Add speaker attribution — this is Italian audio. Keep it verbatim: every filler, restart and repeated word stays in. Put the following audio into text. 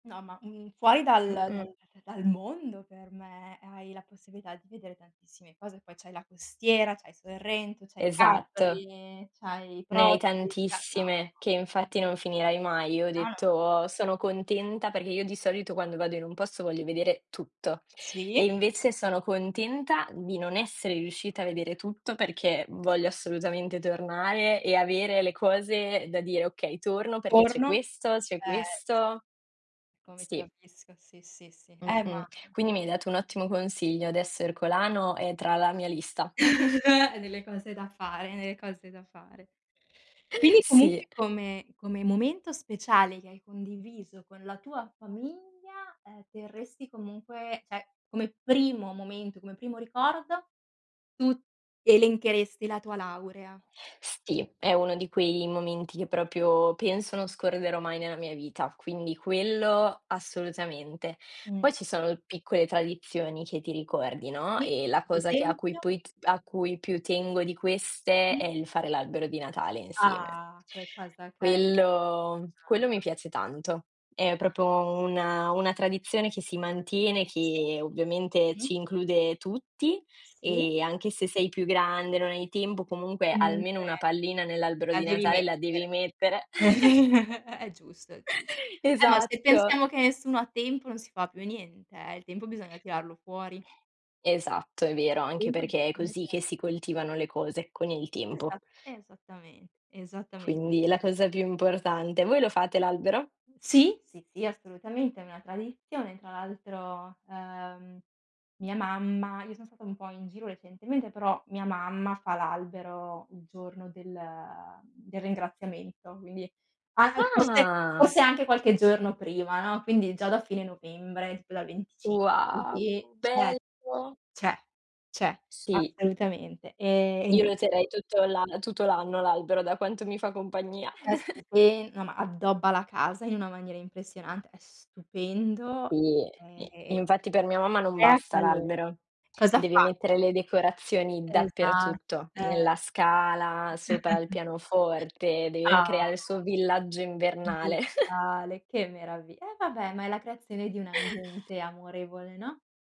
Speaker 1: No, ma, mhmm, fuori dal dal da
Speaker 2: Mh-mh.
Speaker 1: da dal mondo per me, hai la possibilità di vedere tantissime cose, poi c'hai la costiera, c'hai Sorrento, c'hai
Speaker 2: Esatto.
Speaker 1: Capri, c'hai
Speaker 2: Ne hai
Speaker 1: Proci no,
Speaker 2: tantissime
Speaker 1: no,
Speaker 2: che
Speaker 1: no.
Speaker 2: infatti non finirai mai. Io ho
Speaker 1: No, no, n
Speaker 2: detto: "Sono contenta", perché io di solito quando vado in un posto voglio vedere tutto e
Speaker 1: Sì.
Speaker 2: invece sono contenta di non essere riuscita a vedere tutto, perché voglio assolutamente tornare e avere le cose da dire: "Okay, torno perché c'è
Speaker 1: Torno?
Speaker 2: questo, c'è
Speaker 1: Eh, s
Speaker 2: questo",
Speaker 1: Come ti
Speaker 2: sì.
Speaker 1: capisco, sì, sì, sì, eh, mah
Speaker 2: Mh-mh. Quindi mi hai dato un ottimo consiglio, adesso Ercolano è tra la mia lista.
Speaker 1: È nelle cose da fare, nelle cose da fare. Quindi
Speaker 2: Sì.
Speaker 1: comunque come come momento speciale che hai condiviso con la tua famiglia, ehm, terresti comunque, ceh come primo momento, come primo ricordo, tu elencheresti la tua laurea.
Speaker 2: Sì, è uno di quei momenti che propio penso non scorderò mai nella mia vita, quindi quello assolutamente.
Speaker 1: Mh.
Speaker 2: Poi ci sono piccole tradizioni che ti ricordi, no,
Speaker 1: Sì,
Speaker 2: ehm, la
Speaker 1: per
Speaker 2: cosa che a cui
Speaker 1: esempio?
Speaker 2: poi p a cui più tengo di queste è
Speaker 1: Mh.
Speaker 2: il fare l'albero di Natale insieme.
Speaker 1: Ah! che cosa carina.
Speaker 2: Quello, quello mi piace tanto. È propro una una tradizione che si mantiene,
Speaker 1: Sì.
Speaker 2: che ovviamente
Speaker 1: Sì.
Speaker 2: ci include tutti,
Speaker 1: Sì.
Speaker 2: ehm, anche se sei più grande, non hai tempo, comunque almeno
Speaker 1: Comunque
Speaker 2: una pallina nell'albero
Speaker 1: la
Speaker 2: di
Speaker 1: devi
Speaker 2: Natale la devi
Speaker 1: mettere.
Speaker 2: mettere.
Speaker 1: È giusto, è giu eh, ma se
Speaker 2: Esatto!
Speaker 1: pensiamo che nessuno ha tempo non si fa più niente, eh, il tempo bisogna tirarlo fuori.
Speaker 2: Esatto, è vero, anche
Speaker 1: Il tempo
Speaker 2: perché è
Speaker 1: bisogna
Speaker 2: così
Speaker 1: tirar
Speaker 2: che si coltivano le cose, con il
Speaker 1: Esa
Speaker 2: tempo.
Speaker 1: esattamen esattamente,
Speaker 2: Quindi è
Speaker 1: s
Speaker 2: la cosa più importante. Voi lo fate l'albero?
Speaker 1: Sì, sì, sì, assolutamente, è una tradizione. Tra l'altro, ehm, mia mamma io son stata un po' in giro recentemente, però mia mamma fa l'albero il giorno del, mhmm, del Ringraziamento, quindi, anche forse
Speaker 2: Ah!
Speaker 1: forse anche qualche giorno prima, no, quindi già da fine novembre, tipo dal venticinque
Speaker 2: Wow!
Speaker 1: così, cioè,
Speaker 2: Bello.
Speaker 1: ceh, ceh,
Speaker 2: Sì.
Speaker 1: assolutamente, ehm, e nien
Speaker 2: Io lo
Speaker 1: [unintelligible]
Speaker 2: terrei tutto l'an tutto l'anno l'albero, da quanto mi fa compagnia.
Speaker 1: È stupe no, ma addobba la casa in una maniera impressionante, è stupendo,
Speaker 2: Sì,
Speaker 1: ehm,
Speaker 2: sì, infatti per mia mamma non
Speaker 1: crea
Speaker 2: basta
Speaker 1: calo
Speaker 2: l'albero.
Speaker 1: cosa
Speaker 2: Devi
Speaker 1: fa?
Speaker 2: mettere le decorazioni
Speaker 1: Esa
Speaker 2: dappertutto,
Speaker 1: eh.
Speaker 2: nella scala, sopra il pianoforte, deve
Speaker 1: Ah!
Speaker 2: creare il suo villaggio
Speaker 1: Di
Speaker 2: invernale.
Speaker 1: Natale, che meravi eh vabbè, ma è la creazione di un ambiente amorevole, no?